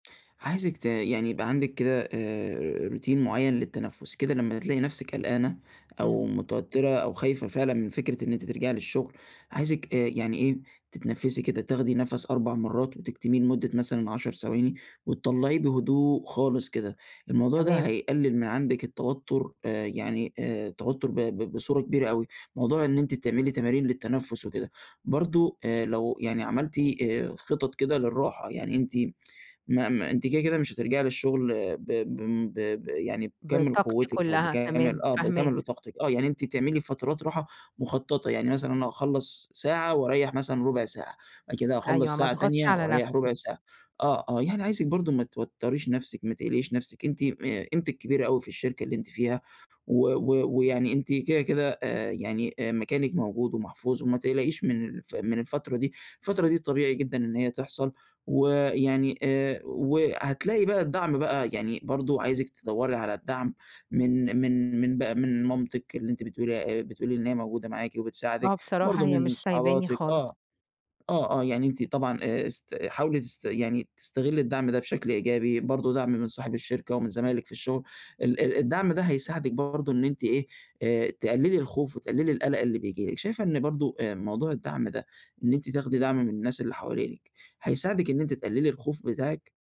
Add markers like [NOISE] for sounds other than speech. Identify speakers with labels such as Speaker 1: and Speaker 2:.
Speaker 1: عايزِِك ت يعني يبقى عندِك كده، آآ روتين مُعيّن للتنفس كده، لمّا تلاقي نفسِك قلقانة أو
Speaker 2: إمم.
Speaker 1: متوترة أو خايفة فعلًا من فكرة إن أنتِ ترجعي للشغل، عايزِك آآ يعني إيه، تتنفسي كده، تاخدي نفس 4 مرات وتكتمِيه لمُدة مثلًا 10 ثواني، وتطلعيه بهدوء خالص كده. الموضوع ده
Speaker 2: تمام.
Speaker 1: هيقلل من عندِك التوتر، آآ، يعني آآ التوتر ب ب بصورة كبيرة أوي، موضوع إن أنتِ تعملي تمارين للتنفس وكده. برضه، آآ لو يعني عملتِ خِطط كده للراحة، يعني أنتِ [TSK] ما ما أنتِ كده، كده مش هترجعي للشغل ب بم ب ب يعني بكامِل
Speaker 2: بطاقَتِي
Speaker 1: قوتِك أو
Speaker 2: كلها، تمام،
Speaker 1: بكامل آه، بكامل
Speaker 2: فاهماك.
Speaker 1: طاقتِك، آه، يعني أنتِ تعملي فترات راحة مُخططة يعني مثلًا، أنا هاخلّص ساعة وأريح مثلًا ربع ساعة، وبعد كده
Speaker 2: أيوه،
Speaker 1: هاخلص
Speaker 2: ما
Speaker 1: ساعة
Speaker 2: اضغطش
Speaker 1: تانية
Speaker 2: على
Speaker 1: وأريح ربع
Speaker 2: نفسي.
Speaker 1: ساعة. آه، آه، يعني عايزِك برضه ما توتريش نفسِك، ما تقلقيش نفسِك، أنتِ آآ قيمتِك كبيرة أوي في الشركة اللي أنتِ فيها و و ويعني أنتِ كده، كده، آآ يعني مكانِك موجود ومحفوظ، وما تقلقيش من الف من الفترة دي، الفترة دي طبيعي جدًا إن هي تحصل. ويعني آآ وهتلاقي بقى الدعم بقى، يعني برضه عايزِك تِدوَّري على الدعم من من من بقى من مامتِك اللي أنتِ بتقولي بتقولي إن هي موجودة معاكِ
Speaker 2: آه،
Speaker 1: وبتساعدِك،
Speaker 2: بصراحة
Speaker 1: برضه
Speaker 2: هي مش
Speaker 1: من
Speaker 2: سايباني
Speaker 1: صحباتِك
Speaker 2: خالص.
Speaker 1: آه، آه، آه يعني أنتِ طبعًا آآ، است حاولي تست يعني تستغلي الدعم ده بشكل إيجابي، برضه دعم من صاحب الشركة، ومن زمايلِك في الشغل، ال ال الدعم ده هيساعدِك برضه إن أنتِ إيه، آآ تقللي الخوف، وتقللي القلق اللي بييجي لِك. شايفة إن برضه، آآ، موضوع الدعم ده، إن أنتِ تاخدي دعم من الناس اللي حوالينِك، هيساعدِك إن أنتِ تقللي الخوف بتاعِك؟